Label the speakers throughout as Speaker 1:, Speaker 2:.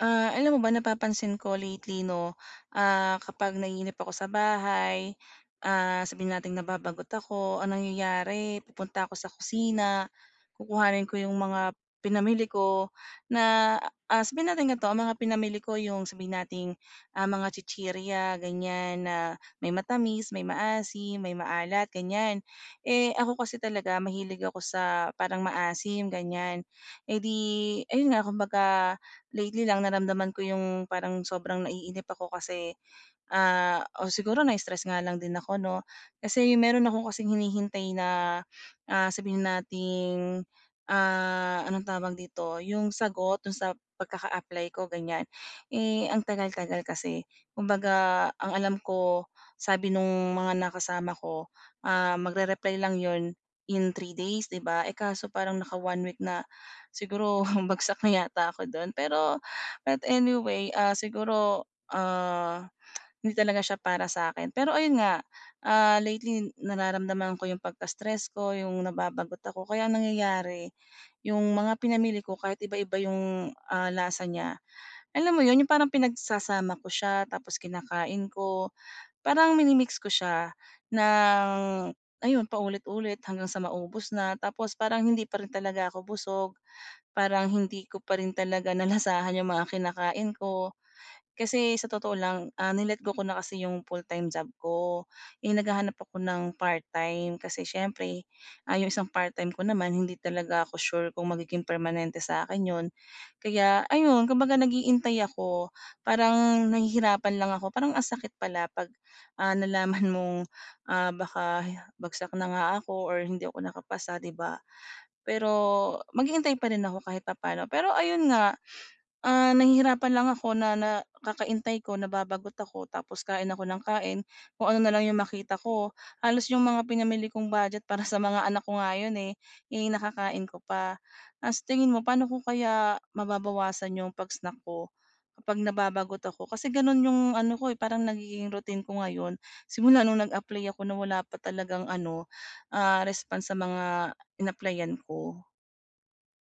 Speaker 1: Ah, alam mo ba napapansin ko lately 'no, ah, kapag naiinip ako sa bahay, ah, sabihin nating nababagot ako, ang nangyayari pupunta ako sa kusina, kukuhanin ko yung mga pinamili ko na, ah, sabihin natin gantio, ang mga pinamili ko yung sabihin nating, ah, mga chichirya gan'yan na may matamis, may maasim, may maalat gan'yan. Eh, ako kasi talaga mahilig ako sa parang maasim gan'yan. Eh, 'di ayun nga kumbaga lately lang naramdaman ko yung parang sobrang naiinip ako kasi, ah, o siguro na-stress nga lang din ako 'no. Kasi meron akong kasing hinihintay na, ah, sabihin nating, ah, anong tawag dito yung sagot dun sa pagkaka-apply ko gan'yan, eh, ang tagal-tagal kasi. Kumbaga ang alam ko sabi nung mga nakasama ko, ah, magre-reply lang 'yon in 3 days, di ba. Eh, kaso parang naka-one week na, siguro bagsak na yata ako dun. Pero but anyway, ah, siguro, ah, hindi talaga siya para sa'kin. Pero ayun nga, ah, lately nararamdaman ko yung pagka-stress ko, yung nababagot ako. Kaya ang nangyayari yung mga pinamili ko kahit iba-iba yung, ah, lasa niya, alam mo 'yon yung parang pinagsasama ko siya tapos kinakain ko parang mini-mix ko siya ng ayun paulit-ulit hanggang sa maubos na tapos parang hindi pa rin talaga ako busog parang hindi ko pa rin talaga nalasahan yung mga kinakain ko. Kasi sa totoo lang, ah, ni-let go ko na kasi yung full-time job ko, eh, naghahanap ako ng part-time kasi siyempre, ah, yung isang part-time ko naman hindi talaga ako sure kung magiging permanente sa akin 'yon. Kaya ayun kumbaga naghihintay ako, parang nahihirapan lang ako parang ang sakit pala pag, ah, nalaman mong, ah, baka bagsak na nga ako or hindi ako nakapasa, di ba. Pero maghihinntay pa rin ako kahit papano. Pero ayun nga, ah, nahihirapan lang ako na na kakahintay ko, nababagot ako tapos kain ako nang kain kung ano na lang 'yong makita ko halos yung mga pinamili kong budget para sa mga anak ko nga 'yon, eh, eh nakakain ko pa. Ah, sa tingin mo paano ko kaya mababawasan yung pag-snack ko kapag nababagot ako? Kasi gano'n yung ano ko, eh, parang nagiging routine ko ngayon, simula nung nag-apply ako na wala pa talagang ano, ah, response sa mga inapplyan ko.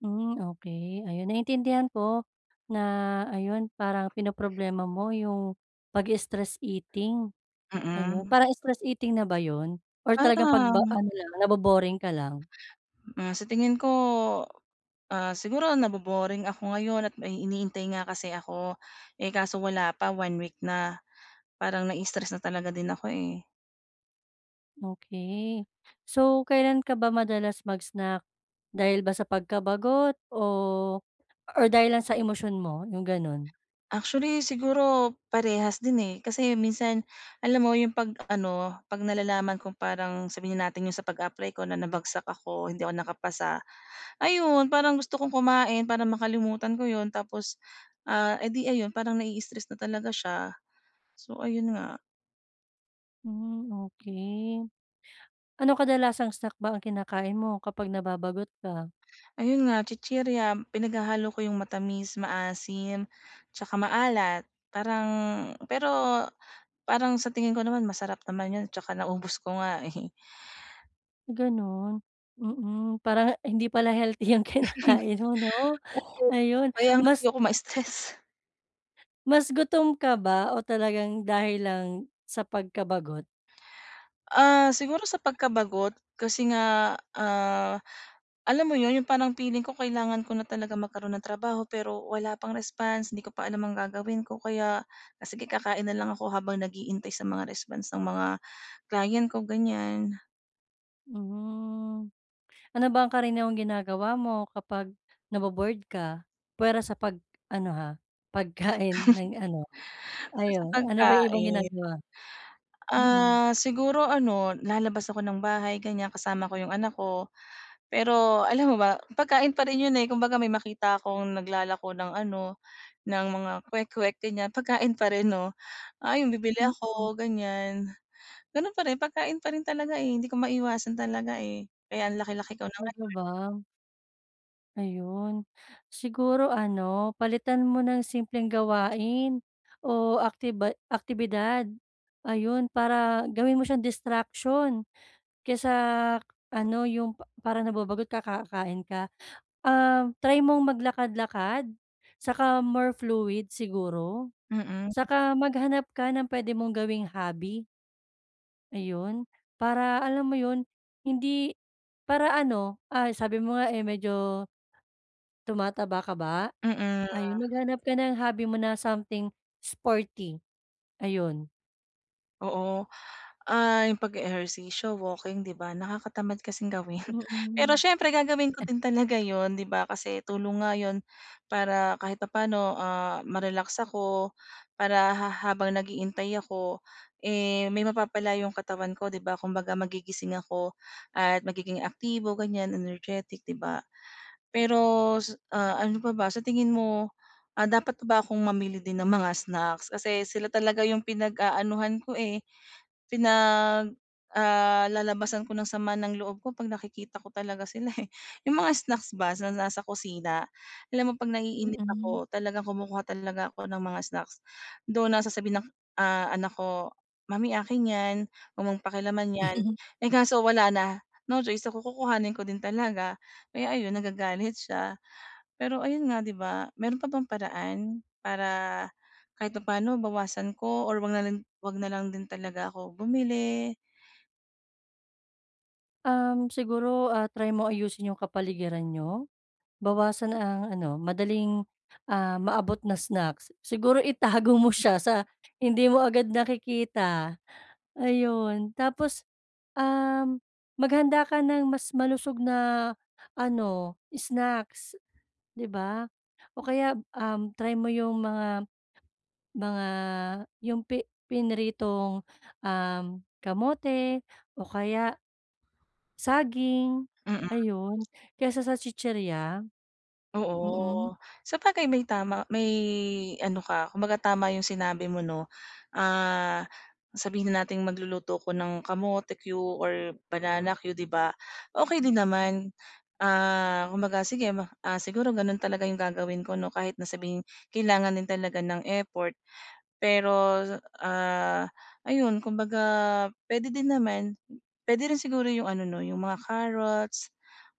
Speaker 2: Hmm okey ayun naiintindihan ko na, ayun, parang pinoproblema mo yung pagi-stress eating, ayun.
Speaker 1: Mm.
Speaker 2: Parang stress eating na ba yun? Or talagang 'pag ba
Speaker 1: Parang
Speaker 2: ano lang nabo-boring ka lang?
Speaker 1: Ah, sa tingin ko, ah, siguro nabo-boring ako ngayon at may hinihintay nga kasi ako, eh kaso wala pa 1 week na parang nai-stress na talaga din ako eh.
Speaker 2: Okey. So, kailan ka ba madalas mag-snack, dahil ba sa pagkabagot o or dahil lang sa emosyon mo yung ganun?
Speaker 1: Actually, siguro parehas din eh. Kasi minsan alam mo 'yong 'pag ano, 'pag nalalaman kung parang sabihin na nating 'yong sa pag-a-apply ko na nabagsak ako, hindi ako nakapasa, ayun parang gusto kong kumain para makalimutan ko 'yon, tapos, ah, eh di ayun parang nai-stress na talaga siya, so ayun nga.
Speaker 2: Hmm okey. Ano kadalasang snack ba ang kinakain mo kapag nababagot ka?
Speaker 1: Ayun nga chichirya, pinaghahalo ko yung matamis, maasim tsaka maalat. Parang pero parang sa tingin ko naman masarap naman yun tsaka naubos ko nga eh.
Speaker 2: Gano'n, mm. Parang hindi pala healthy ang kinakain mo 'no,
Speaker 1: Oo,
Speaker 2: ayun
Speaker 1: kaya nga
Speaker 2: mas
Speaker 1: ayoko ma-stress.
Speaker 2: Mas gutom ka ba o talagang dahil lang sa pagkabagot?
Speaker 1: Ah, siguro sa pagkabagot, kasi nga, ah, alam mo 'yon yung parang feeling ko, kailangan ko na talaga magkaroon ng trabaho pero wala pang response, hindi ko pa alam ang gagawin ko, kaya, ah, sige kakain na lang ako habang naghihintay sa mga response ng mga client ko, gan'yan.
Speaker 2: Hmm. Ano ba ang karaniwang ginagawa mo kapag nabo-bored ka? Puwera sa pag-ano, ha, pagkain ng ano
Speaker 1: Ah, sa
Speaker 2: ayon, ano ba yung ibang
Speaker 1: pagkain.
Speaker 2: ginagawa? Mm.
Speaker 1: Ah, siguro ano, lalabas ako ng bahay gan'yan, kasama ko yung anak ko. Pero alam mo ba pagkain pa rin 'yon, eh, kumbaga may makita akong naglalako ng ano, ng mga kwek-kwek gan'yan, pagkain pa rin 'no, ayun bibili
Speaker 2: Mm.
Speaker 1: ako gan'yan. Gano'n pa rin pagkain pa rin talaga, eh, hindi ko maiwasan talaga, eh. Kaya ang laki-laki ko na
Speaker 2: Talaga
Speaker 1: ngayon.
Speaker 2: ba? Ayun. Siguro ano, palitan mo ng simpleng gawain o aktiba aktibidad, ayun. Para gawin mo siyang distraction kaysa ano yung pa para nababagot ka kakain ka. Um, try mong maglakad-lakad saka more fluid siguro
Speaker 1: Mm.
Speaker 2: saka maghanap ka ng puwede mong gawing hobby. Ayun. Para alam mo yun, hindi para ano, ah, sabi mo nga, eh, medyo tumataba ka ba?
Speaker 1: Mm.
Speaker 2: Ayun, maghanap ka ng hobby mo na something sporty, ayun.
Speaker 1: Oo. Ah, yung pag-e-ehersisyo, walking, 'di ba, nakakatamad kasing gawin. Pero
Speaker 2: Mm.
Speaker 1: siyempre gagawin ko din talaga yun, 'di ba, kasi tulong nga yun para kahit papaano, ah, ma-relax ako. Para ha habang naghihintay ako, eh, may mapapala yung katawan ko, 'di ba? Kumbaga, magigising ako at magiging aktibo, ganyan, energetic, 'di ba? Pero sa ah, ano pa ba? Sa tingin mo, ah, dapat na ba akong mamili din ng mga snacks kasi sila talaga yung pinag-aanuhan ko, eh, pinag, ah, lalabasan ko ng sama ng loob ko 'pag nakikita ko talaga sila, eh. Yung mga snacks ba sa nasa kusina. Alam mo 'pag naiinip
Speaker 2: Mm.
Speaker 1: ako talagang kumukuha talaga ako ng mga snacks. Though na sasabihin ng, ah, anak ko, "Mommy, akin 'yan. Wag mong pakialaman 'yan." Eh, kaso wala na. No choice ako, kukukuhanin ko din talaga. Kaya ayun, nagagalit siya. Pero ayun nga, 'di ba? Meron pa bang paraan para kahit papa'no bawasan ko or 'wag na lang 'wag na lang din talaga ako bumili?
Speaker 2: Um, siguro, ah, try mo ayusin 'yung kapaligiran niyo. Bawasan ang ano, madaling, ah, maabot na snacks. Siguro itago mo siya sa hindi mo agad nakikita. Ayon, tapos, um, maghanda ka ng mas malusog na ano snacks, 'di ba. O kaya, um, try mo 'yung mga mga 'yung pi pinritong, um, kamote o kaya, saging,
Speaker 1: Mm.
Speaker 2: ayun, kaysa sa chichirya. Mm.
Speaker 1: Oo. Sabagay may tama may ano ka, kumbaga tama 'yung sinabi mo 'no. Ah, sabihin na nating magluluto ako ng kamote cue or banana cue, 'di ba. Okey din naman, ah, kumbaga sige ma ah, siguro gano'n talaga 'yung gagawin ko 'no kahit na sabihing kailangan din talaga ng effort. Pero, ah, ayun kumbaga puwede din naman, puwede rin siguro 'yung ano 'no, 'yung mga carrots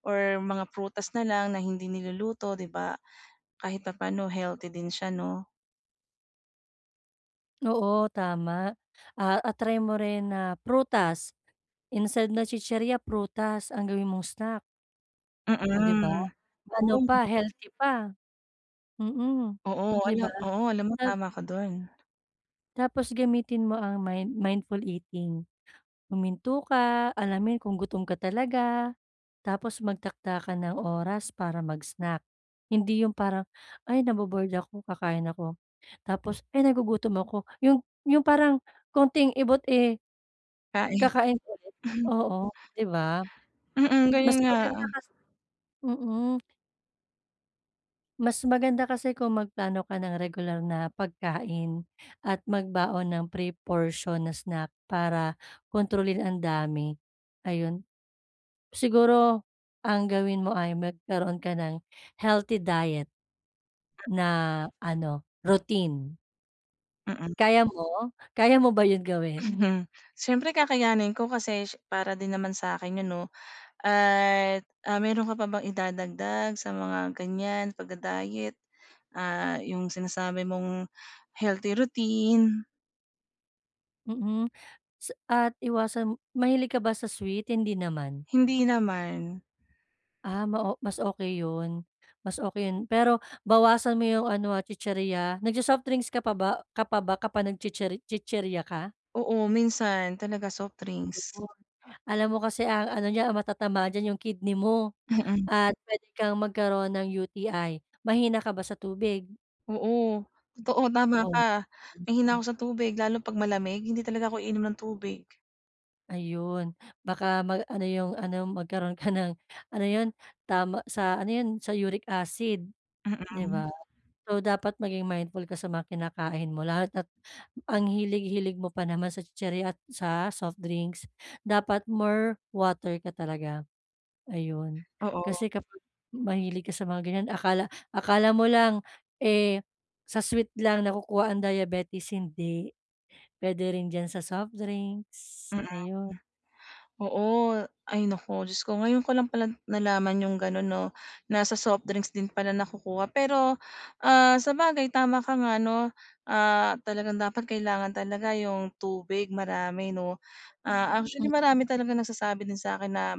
Speaker 1: or mga prutas na lang na hindi niluluto, 'di ba. Kahit papaano healthy din siya, 'no.
Speaker 2: Oo, tama. Ah, a try mo rin na prutas. Instead na chichirya prutas ang gawin mong snack. Oh, di ba?
Speaker 1: Mm.
Speaker 2: Ano
Speaker 1: Oo.
Speaker 2: pa, healthy pa. Mm,
Speaker 1: Oo.
Speaker 2: di
Speaker 1: Ano
Speaker 2: ba?
Speaker 1: oo. Alam mo,
Speaker 2: Health
Speaker 1: tama ka dun.
Speaker 2: Tapos gamitin mo ang mind mindful eating. Huminto ka, alamin kung gutom ka talaga, tapos magtakda ka ng oras para mag-snack. Hindi yung parang, "Ay, nabo-bored ako kakain ako." tapos, "Ay, nagugutom ako." yung yung parang konting ibot, eh
Speaker 1: Kain.
Speaker 2: kakain ulit. Oo, di ba?
Speaker 1: Mm,
Speaker 2: Mas
Speaker 1: ganyan nga.
Speaker 2: maganda kasi mm. Mas maganda kasi kung magplano ka ng regular na pagkain at magbaon ng pre-portion na snack para kontrolin ang dami, ayun. Siguro ang gawin mo ay magkaroon ka ng healthy diet na ano, routine.
Speaker 1: Mm.
Speaker 2: Kaya mo? Kaya mo ba 'yon gawin?
Speaker 1: Mhm, siyempre kakayanin ko kasi siye para din naman sa'kin 'yon 'no, at ah, meron ka pa bang idadagdag sa mga gan'yan pagda-diet, ah, yung sinasabi mong healthy routine?
Speaker 2: Mm, sa at iwasan mahilig ka ba sa sweet, hindi naman?
Speaker 1: Hindi naman.
Speaker 2: Ah, ma o mas okey 'yon, mas okey 'yon pero bawasan mo yung ano, ah, chichirya. Nag-so-softdrinks ka pa ba ka pa ba kapag nag-chichir chichirya ka?
Speaker 1: Oo, minsan talaga soft drinks.
Speaker 2: Gano'n. Alam mo kasi ang ano niya ang matatamaan diyan yung kidney mo
Speaker 1: Mm.
Speaker 2: at pwede kang magkaroon ng UTI. Mahina ka ba sa tubig?
Speaker 1: Oo, totoo tama
Speaker 2: Oh,.
Speaker 1: ka mahina ako
Speaker 2: [unintelligible]
Speaker 1: sa tubig lalo 'pag malamig, hindi talaga ako iinom ng tubig.
Speaker 2: Ayun baka ma ano yung ano, magkaroon ka ng ano 'yon, tama sa ano 'yon, sa uric acid, di
Speaker 1: Mm.
Speaker 2: ba? So, dapat maging mindful ka sa mga kinakain mo lahat at ang hilig-hilig mo pa naman sa chichirya at sa soft drinks. Dapat more water ka talaga. Ayun.
Speaker 1: Oo.
Speaker 2: Kasi kapag mahilig ka sa mga gan'yan akala akala mo lang, eh, sa sweet lang nakukuha ang diabetes hindi, puwede rin diyan sa soft drinks,
Speaker 1: Mm, hmm.
Speaker 2: ayun.
Speaker 1: Oo ay, naku Diyos ko ngayon ko lang pala nalaman yung gano'n 'no, na sa soft drinks din pala nakukuha pero, ah, sabagay tama ka nga 'no, ah, talagang dapat kailangan talaga yung tubig marami 'no. Ah,
Speaker 2: Mm.
Speaker 1: actually marami talagang nagsasabi din sa'kin na,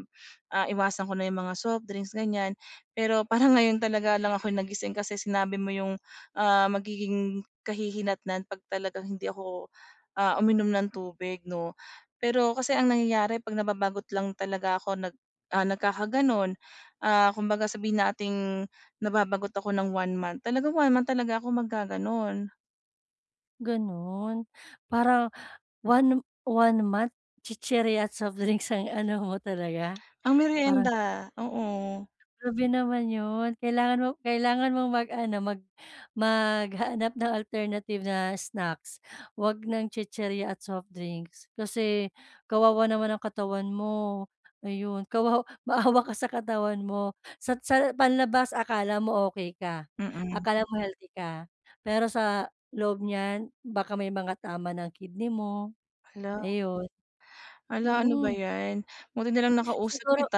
Speaker 1: ah, iwasan ko na yung mga softdrinks gan'yan. Pero parang ngayon talaga lang ako'y nagising kasi sinabi mo yung, ah, magiging kahihinatnan 'pag talagang hindi ako, ah, uminom ng tubig 'no. Pero kasi ang nangyayari 'pag nababagot lang talaga ako nag ah, nagkakagano'n, ah, kumbaga sabihin nating nababagot ako ng one month, talagang one-month talaga ako maggagano'n.
Speaker 2: Gano'n? Parang one one-month chichirya at softdrinks ang ano mo talaga.
Speaker 1: Pang
Speaker 2: Parang [unintelligible]
Speaker 1: merienda, oo.
Speaker 2: Grabe naman 'yun. Kailangan mo kailangan mong mag-ano, mag maghanap ng alternative na snacks. Huwag ng chichirya at softdrinks. Kasi kawawa naman ang katawan mo. Ayun, kawaw maawa ka sa katawan mo. Sa sa panlabas akala mo ok ka,
Speaker 1: Mm.
Speaker 2: akala mo healthy ka. Pero sa loob niyan, baka may mga tama na ang kidney mo.
Speaker 1: Hala.
Speaker 2: Ayun.
Speaker 1: Hala, ano ba
Speaker 2: Mm.
Speaker 1: 'yan. Buti na lang nakausap
Speaker 2: Siguro
Speaker 1: kita.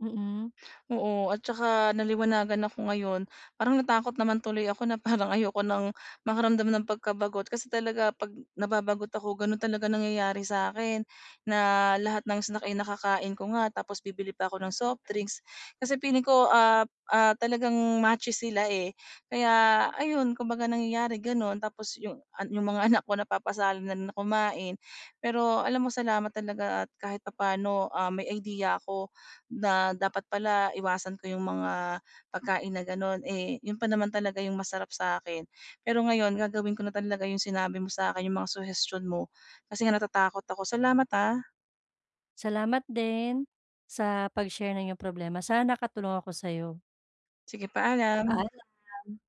Speaker 2: Mm.
Speaker 1: Oo, at saka naliwanagan ako ngayon. Parang natakot naman tuloy ako na parang ayoko nang makaramdam ng pagkabagot. Kasi talaga 'pag nababagot ako, gano'n talaga nangyayari sa 'kin na lahat ng snack ay nakakain ko nga. Tapos bibili pa ako ng softdrinks. Kasi feeling ko, ah, ah, talagang matches sila, eh. Kaya, ayun, kumbaga nangyayari gano'n. Tapos 'yong an 'yong mga anak ko napapasali na rin na kumain. Pero alam mo, salamat talaga at kahit papaano, ah, may idea ako na dapat pala iwasan ko 'yong mga pagkain na gano'n. Eh, 'yon pa naman talaga 'yong masarap sa akin. Pero ngayon gagawin ko na talaga 'yong sinabi mo sa 'kin, 'yong mga suhestiyon mo. Kasi nga natatakot ako. Salamat, ah.
Speaker 2: Salamat din sa pag-share ng inyong problema. Sana nakatulong ako sa 'yo.
Speaker 1: Sige, paalam.
Speaker 2: Paalam.